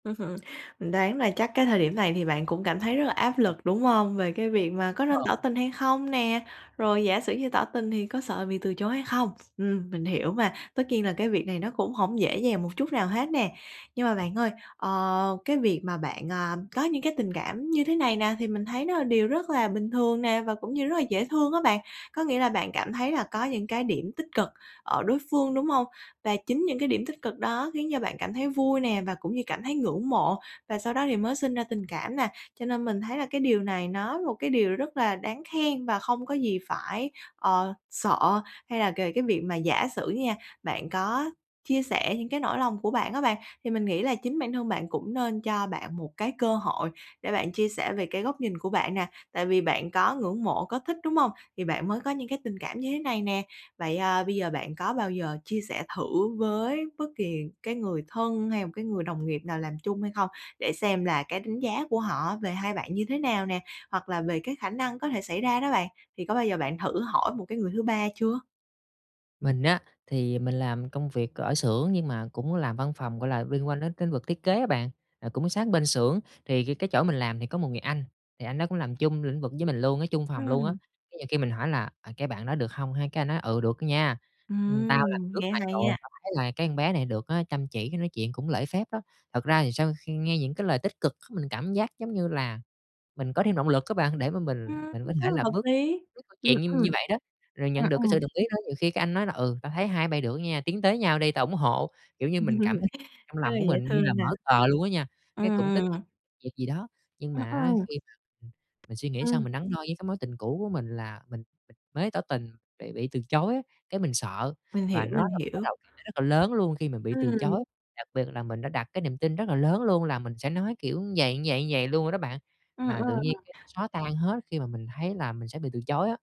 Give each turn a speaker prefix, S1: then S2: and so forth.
S1: Ưm hừm, mình đoán là chắc cái thời điểm này thì bạn cũng cảm thấy rất là áp lực, đúng hông? Về cái việc mà có nên
S2: Ờ.
S1: tỏ tình hay không nè, rồi giả sử như tỏ tình thì có sợ bị từ chối hay không? Ừm, mình hiểu mà, tất nhiên là cái việc này nó cũng hổng dễ dàng một chút nào hết nè. Nhưng mà bạn ơi, ờ, cái việc mà bạn, à, có những cái tình cảm như thế này nè thì mình thấy nó là điều rất là bình thường nè và cũng như rất là dễ thương á bạn. Có nghĩa là bạn cảm thấy là có những cái điểm tích cực ở đối phương, đúng hông? Và chính những cái điểm tích cực đó khiến cho bạn cảm thấy vui nè và cũng như cảm thấy ngưỡng mộ và sau đó thì mới sinh ra tình cảm nè. Cho nên mình thấy là cái điều này nó một cái điều rất là đáng khen và không có gì phải, ờ, sợ hay là kề cái việc mà giả sử nha, bạn có chia sẻ những cái nỗi lòng của bạn á bạn, thì mình nghĩ là chính bản thân bạn cũng nên cho bạn một cái cơ hội để bạn chia sẻ về cái góc nhìn của bạn nè. Tại vì bạn có ngưỡng mộ, có thích, đúng hông? Thì bạn mới có những cái tình cảm như thế này nè. Vậy, à, bây giờ bạn có bao giờ chia sẻ thử với bất kỳ cái người thân hay một cái người đồng nghiệp nào làm chung hay không? Để xem là cái đánh giá của họ về hai bạn như thế nào nè? Hoặc là về cái khả năng có thể xảy ra đó bạn. Thì có bao giờ bạn thử hỏi một cái người thứ ba chưa?
S2: Mình á thì, à, mình làm công việc ở xưởng nhưng mà cũng làm văn phòng, gọi là, liên quan đến tính vực thiết kế á bạn. À, cũng sát bên xưởng thì c cái chỗ mình làm thì có một người anh, thì anh đó cũng làm chung lĩnh vực với mình luôn á, chung phòng luôn á,
S1: Ừm.
S2: cái nhiều khi mình hỏi là "À, cái bạn đó được không ha?" cái anh nói: "Ừ, được nha, ưm, tao làm
S1: Ừm,
S2: trước
S1: nghe
S2: mày
S1: hay
S2: rồi
S1: á.
S2: tao thấy là cái con bé này được á chăm chỉ, cái nói chuyện cũng lễ phép đó." Thật ra thì sau khi nghe những cái lời tích cực c mình cảm giác giống như là mình có thêm động lực á bạn để mà mình
S1: Ừm,
S2: mình có thể
S1: rất là
S2: là
S1: hợp
S2: bước
S1: lý.
S2: [unintelligible] câu
S1: Ừm,
S2: chuyện như
S1: ừ.
S2: như vậy đó, rồi nhận
S1: Ừm,
S2: được cái
S1: ừ.
S2: sự đồng ý đó, nhiều khi anh nói là: "Ừ, tao thấy hai bây được nha, tiến tới nhau đi, tao ủng hộ." Kiểu như mình cảm thấy trong
S1: Rất
S2: lòng
S1: là
S2: của
S1: dễ
S2: mình như là
S1: thương nè.
S2: mở cờ luôn á nha, cái cũng tính [unintelligible]
S1: Ừm.
S2: việc gì đó. Nhưng
S1: Ừm,
S2: mà
S1: ừ.
S2: á khi mà, ừm, mình suy nghĩ xong,
S1: Ừ.
S2: mình đắn đo với cái mối tình cũ của mình là mình mới tỏ tình bị bị từ chối, cái, mình sợ
S1: Mình
S2: và
S1: hiểu,
S2: nó
S1: mình
S2: là một cái
S1: hiểu.
S2: rào cản [unintelligible] còn lớn luôn khi mình bị từ
S1: Ừ.
S2: chối. Đặc biệt là mình đã đặt cái niềm tin rất là lớn luôn là mình sẽ nói kiểu vầy, vầy, vầy luôn rồi đó bạn,
S1: Ừ,
S2: mà tự nhiên
S1: ừ.
S2: cái nó xóa tan hết khi mà mình thấy là mình sẽ bị từ chối á.